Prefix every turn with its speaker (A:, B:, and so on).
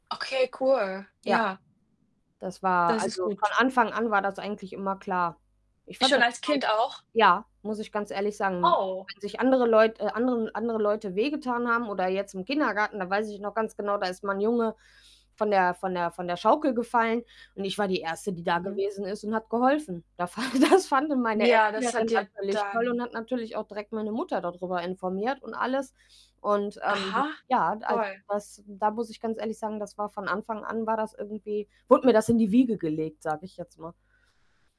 A: Okay, cool.
B: Ja,
A: Ja.
B: das war
A: Das ist
B: also, von
A: gut.
B: Anfang an war das eigentlich immer klar. Ich fand
A: Schon
B: das
A: als
B: interessant,
A: Kind auch?
B: ja, muss ich ganz ehrlich sagen.
A: Oh.
B: Wenn sich andere Leut äh, anderen andere Leute wehgetan haben, oder jetzt im Kindergarten, da weiß ich noch ganz genau, da ist mal 'n Junge, von der von der von der Schaukel gefallen, und ich war die 1., die da
A: Mhm.
B: gewesen ist und hat geholfen. Da fand das fand dann meine
A: Ja, das hat
B: Erzieherin
A: dir
B: natürlich toll
A: dann
B: und hat natürlich auch direkt meine Mutter da drüber informiert und alles. Und, ähm,
A: Aha,
B: ja, als
A: toll.
B: was da muss ich ganz ehrlich sagen, das war von Anfang an war das irgendwie wurde mir das in die Wiege gelegt, sage ich jetzt mal.